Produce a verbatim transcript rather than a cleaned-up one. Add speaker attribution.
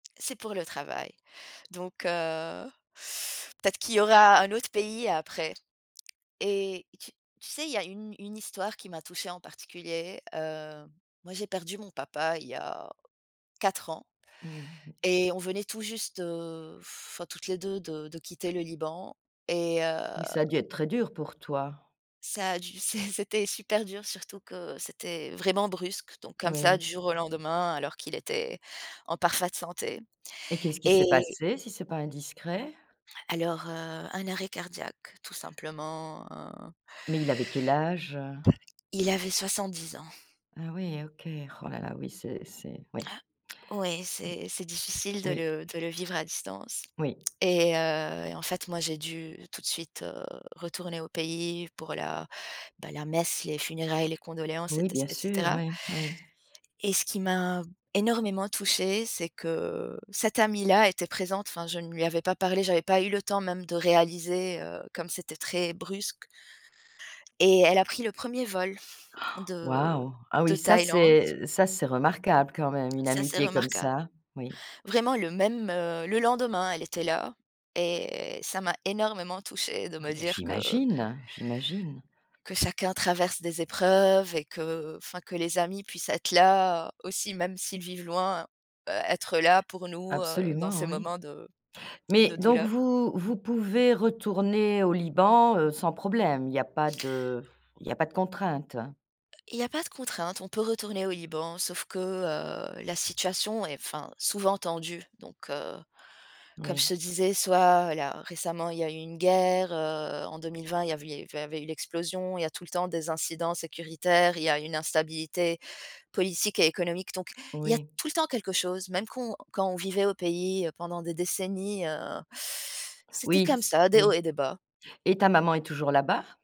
Speaker 1: C'est pour le travail. Donc heu, peut-être qu'il y aura un autre pays après et et tu tu sais, il y a une une histoire qui m'a touchée en particulier, heu, moi, j'ai perdu mon papa il y a quatre ans
Speaker 2: Mmh mh.
Speaker 1: et on venait tout juste, heu, enfin, toutes les deux de de quitter le Liban et heu
Speaker 2: Oui, ça a dû être très dur pour toi.
Speaker 1: ça a du c'é c'était super dur, surtout que c'était, heu, vraiment brusque donc comme ça,
Speaker 2: Oui.
Speaker 1: du jour au lendemain, alors qu'il était en parfaite santé.
Speaker 2: Et qu'est-ce qui s'est
Speaker 1: Et
Speaker 2: passé, si c'est pas indiscret?
Speaker 1: Alors, heu, un arrêt cardiaque, tout simplement, heu
Speaker 2: Mais il avait quel âge?
Speaker 1: Il avait soixante-dix ans.
Speaker 2: Ah oui, OK. Oh là là, oui, c'est c'est oui.
Speaker 1: Ah oui,
Speaker 2: Mmh.
Speaker 1: c'est c'est difficile de
Speaker 2: Oui.
Speaker 1: le de le vivre à distance
Speaker 2: Oui.
Speaker 1: et heu et en fait, moi, j'ai dû tout de suite, heu, retourner au pays pour la bah, la messe, les funérailles, les condoléances et
Speaker 2: Oui,
Speaker 1: ce
Speaker 2: bien
Speaker 1: et
Speaker 2: sûr,
Speaker 1: cetera.
Speaker 2: ouais, oui.
Speaker 1: Et ce qui m'a énormément touchée, c'est que cette amie-là était présente, enfin, je ne lui avais pas parlé, j'avais pas eu le temps même de réaliser, heu, comme c'était très brusque. Et elle a pris le premier vol de
Speaker 2: Waouh! Ah
Speaker 1: de
Speaker 2: oui, ça
Speaker 1: Thaïlande.
Speaker 2: c'est ça c'est remarquable, quand même, une
Speaker 1: Ça, c'est
Speaker 2: amitié comme
Speaker 1: remarquable.
Speaker 2: ça. Oui.
Speaker 1: Vraiment le même, heu, le lendemain, elle était là et ça m'a énormément touchée de
Speaker 2: Ah,
Speaker 1: me
Speaker 2: mais
Speaker 1: dire que
Speaker 2: j'imagine! J'imagine.
Speaker 1: que chacun traverse des épreuves et que, enfin, que les amis puissent être là aussi, même s'ils vivent loin, heu, être là pour nous, heu, dans
Speaker 2: Absolument,
Speaker 1: ces
Speaker 2: oui.
Speaker 1: moments de
Speaker 2: Mais
Speaker 1: de
Speaker 2: donc
Speaker 1: douleur.
Speaker 2: vous vous pouvez retourner au Liban, heu, sans problème, il y a pas de il y a pas de contraintes?
Speaker 1: Heu, il y a pas de contrainte, on peut retourner au Liban, sauf que, heu, la situation est enfin, souvent tendue. Donc, heu, comme je
Speaker 2: Oui.
Speaker 1: te disais, soit, là, récemment, il y a eu une guerre, heu, en deux mille vingt, il y a vu il y eu avait eu l'explosion, il y a tout le temps des incidents sécuritaires, il y a une instabilité politique et économique. Donc il y a
Speaker 2: Oui.
Speaker 1: tout le temps quelque chose, même qu'on quand on vivait au pays, heu, pendant des décennies, heu, c'était
Speaker 2: Oui
Speaker 1: comme
Speaker 2: c
Speaker 1: ça, des hauts
Speaker 2: oui
Speaker 1: et des bas.
Speaker 2: et ta maman est toujours là-bas?